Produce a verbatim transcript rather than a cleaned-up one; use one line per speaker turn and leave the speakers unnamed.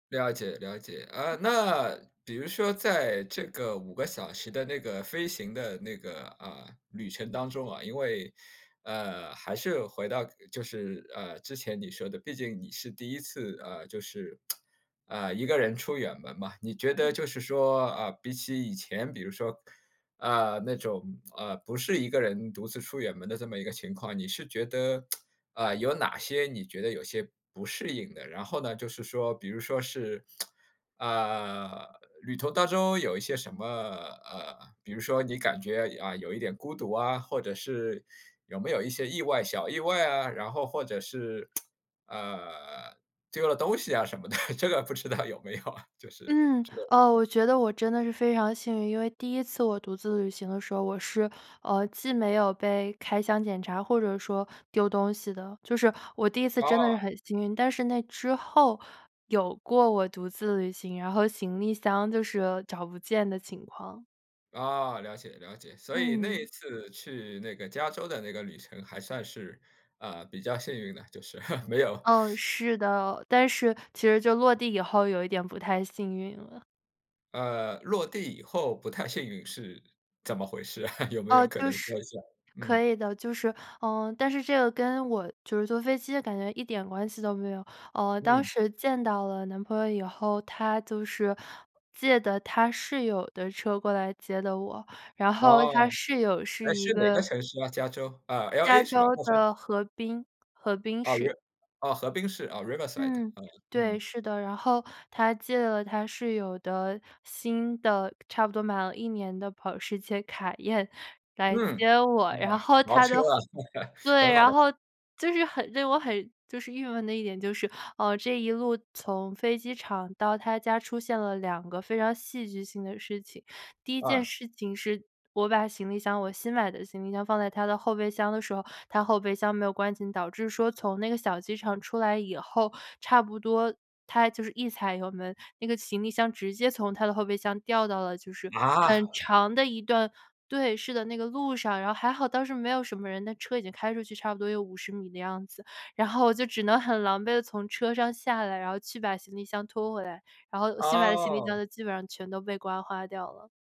了解，了解，啊，那比如说在这个五个小时的那个飞行的那个，呃，旅程当中啊，因为呃，还是回到就是，呃，之前你说的毕竟你是第一次，呃，就是，啊，一个人出远门嘛。你觉得
嗯。
就是说，啊，比起以前比如说，呃，那种，呃，不是一个人独自出远门的这么一个情况，你是觉得 呃，有哪些你觉得有些不适应的？然后呢就是说，比如说是，呃，旅途当中有一些什么呃，比如说你感觉，呃，有一点孤独啊，或者是有没有一些意外小意外啊，然后或者是 呃，丢了东西呀什么的，这个不知道有没有啊。就是
嗯，
这个，
呃，
嗯。
我觉得我真的是非常幸运，因为第一次我独自旅行的时候，我是，呃，既没有被开箱检查或者说丢东西的。就是，我第一次真的是
啊。
很幸运，但是那之后有过我独自旅行，然后行李箱就是找不见的情况。
啊，了解，了解，所以那一
嗯。
次去那个加州的那个旅程还算是，呃，比较幸运的，就是，没有
哦，是的，但是，其实就落地以后有一点不太幸运了。
呃，落地以后不太幸运是怎么回事？有没
哦，
有可
就
能说
是
一下，嗯。
可以的，就是呃，但是这个跟我就是坐飞机的感觉一点关系都没有。呃，当
嗯。
时见到了男朋友以后，他就是借的他室友的车过来接的我，然后
哦。
他室友是
诶，
一
是哪个
个
城市啊？加州，啊
加
，LA 是吧？
州
洛杉
的河滨，河滨
啊
市。
，Riv 呃，河滨市，啊，Riverside。
嗯，
啊，
对，
嗯。
是的。然后他借了他室友的新的差不多买了一年的保时捷凯宴来
嗯，
接我，
哇，
然后
豪
他
车
的
啊，
后 对，
很好的。
然后就是很令我很就是郁闷的一点就是，呃，这一路从飞机场到他家出现了两个非常戏剧性的事情。第一件
啊。
事情是我把行李箱我新买的行李箱放在他的后备箱的时候，他后备箱没有关紧，导致说从那个小机场出来以后，差不多他就是一踩油门，那个行李箱直接从他的后备箱掉到了就是
啊？
很长的一段对，是的，那个路上。然后还好当时没有什么人，那车已经开出去差不多有五十米的样子。然后就只能很狼狈地从车上下来，然后去把行李箱拖回来，然后新买的行李箱
哦。
都基本上全都被刮花掉了。